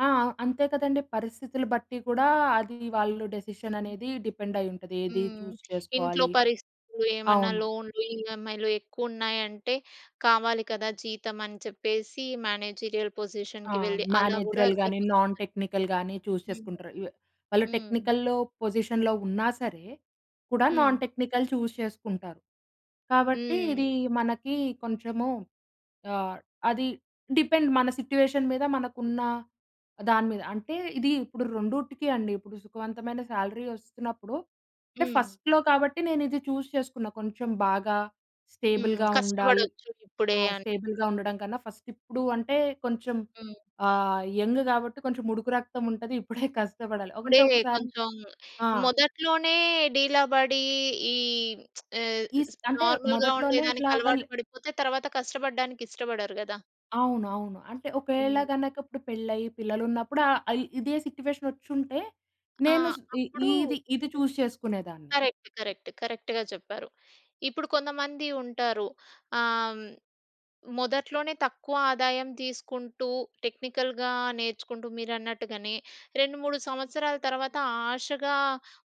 ఆ! అంతే కదండీ! పరిస్థితులు బట్టి కూడా అది వాళ్ళు డెసిషన్ హ్మ్. అనేది డిపెండ్ అయ్యి ఉంటది. ఏది హ్మ్. చూస్ ఇంట్లో చేసుకోవాలి? పరిస్థితులు ఏమన్నా అవును. లోన్‌లు, ఇఏంఐలు ఎక్కువ ఉన్నాయి అంటే కావాలి కదా! జీతం అనే చెప్పేసి మేనేజీరియల్ ఆ! పొజిషన్‌కి వెళ్ళి అలా కూడా మేనేజరల్ గాని జరుగుతూ నాన్ ఉంటాయి. టెక్నికల్‌ గాని చూస్ హ్మ్. చేసుకుంటారు. లు వాళ్ళు హ్మ్. టెక్నికల్‌లో పొజిషన్‌లో ఉన్నా సరే, కూడా నాన్ హ్మ్. టెక్నికల్ చూస్ చేసుకుంటారు. కాబట్టి ఇది హ్మ్. మనకి కొంచెము ఆహ్, అది డిపెండ్ మన సిట్యుయేషన్ మీద మనకు ఉన్న దాని మీద. అంటే ఇది ఇప్పుడు రెండిటికీ అండి ఇప్పుడు సుఖవంతమైన శాలరీ వస్తున్నప్పుడు అంటే హ్మ్. ఫస్ట్‌లో కాబట్టి నేను ఇది చూస్ చేసుకున్న కొంచెం బాగా హ్మ్. స్టేబుల్‌గా ఉండాలి. కష్టపడొచ్చు ఇప్పుడే ఆ అని. స్టేబుల్‌గా ఉండడం కన్నా ఫస్ట్ ఇప్పుడు అంటే కొంచెం హ్మ్. ఆహ్, యంగ్ కాబట్టి కొంచెముడుకు రక్తం ఉంటది. ఇప్పుడే కష్టపడాలి ఇప్పుడే అంటే ఒక్కసారి కొంచెం ఆ! మొదట్లోనే డీలా పడి ఈ ఆహ్, ఈస్ స్ అంటే నార్మల్‌గా మొదట్లోనే ఉండేదానికి ఇట్లాగ ల్ అలవాటు పడిపోతే తరువాత కష్టపడడానికి ఇష్టపడరు కదా! అవును. అవును. అంటే ఒకవేళ హ్మ్. గనక ఇప్పుడు పెళ్లి అయి పిల్లలు ఉన్నప్పుడు ఆహ్, ఇదే సిట్యుయేషన్ వచ్చుంటే ఆ! నేను స్ ఇ అప్పుడు ఇది, ఇది చూస్ చేసుకునేదాన్ని. కరెక్ట్. కరెక్ట్. కరెక్ట్‌గా చెప్పారు. ఇప్పుడు కొంతమంది ఉంటారు. ఆహ్, మొదట్లోనే తక్కువ ఆదాయం తీసుకుంటూ టెక్నికల్‌గా నేర్చుకుంటూ మీరన్నట్టుగానే 2, 3 సంవత్సరాల తర్వాత ఆశగా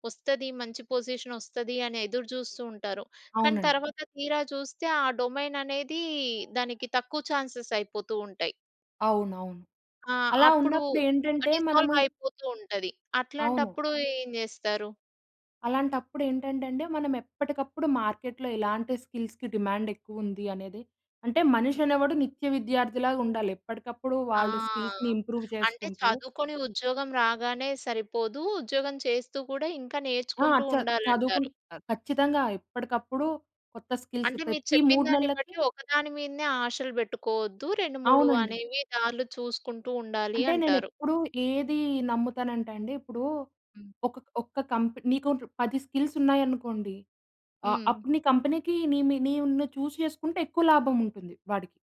వస్తది మంచి పొజిషన్ వస్తది అని ఎదురు చూస్తూ ఉంటారు. కానీ అవునండి. తర్వాత తీరా చూస్తే ఆ డొమైన్ అనేది దానికి తక్కువ చాన్సేస్ అయిపోతూ ఉంటాయి. అవునవును. ఆ! అలా అప్పుడు ఉన్నప్పుడేంటంటే మనము డిసాల్వ్ ఇ అయిపోతూ ఉంటది. అవును. అట్లాంటప్పుడు ఏం చేస్తారు? అలాంటప్పుడేంటంటే అండి. మనం ఎప్పటికప్పుడు మార్కెట్‌లో ఇలాంటి స్కిల్స్‌కి డిమాండ్ ఎక్కువ ఉంది అనేది. అంటే మనిషి హ్మ్. అనేవాడు నిత్య విద్యార్థిలాగా ఉండాలి. ఎప్పటికప్పుడు ఆ! వాళ్ళ స్కిల్స్‌ని ఇంప్రూవ్ అంటే చేసుకుంటూ చదువుకొని ఉద్యోగం రాగానే సరిపోదూ, ఉద్యోగం చేస్తూ కూడా ఇంకా ఆ! నేర్చుకుంటూ చద్ చదువుకుం ఉండాలంటారు. ఖచ్చితంగా ఎప్పటికప్పుడు కొత్త స్కిల్స్ అంటే మీరు ప్రతి 3 చెప్పినదాన్ని నెల్లకి బట్టి ఒక్కదాని మీదనే ఆశలు పెట్టుకోవద్దు. 2, 3 అవునండి. అనేవి దారులు చూసుకుంటూ ఉండాలి అంటే నేను అంటారు. ఎప్పుడు ఏది నమ్ముతానంటే అండి ఇప్పుడు హ్మ్. ఒక ఒక్క కంపెనీ నీకు 10 స్కిల్సున్నాయనుకోండి, ఆహ్, హ్మ్. అప్పుడు నీ కంపెనీకి నీ మీ నీ ఉన్న చూస్ చేసుకుంటే ఎక్కువ లాభం ఉంటుంది వాడికి.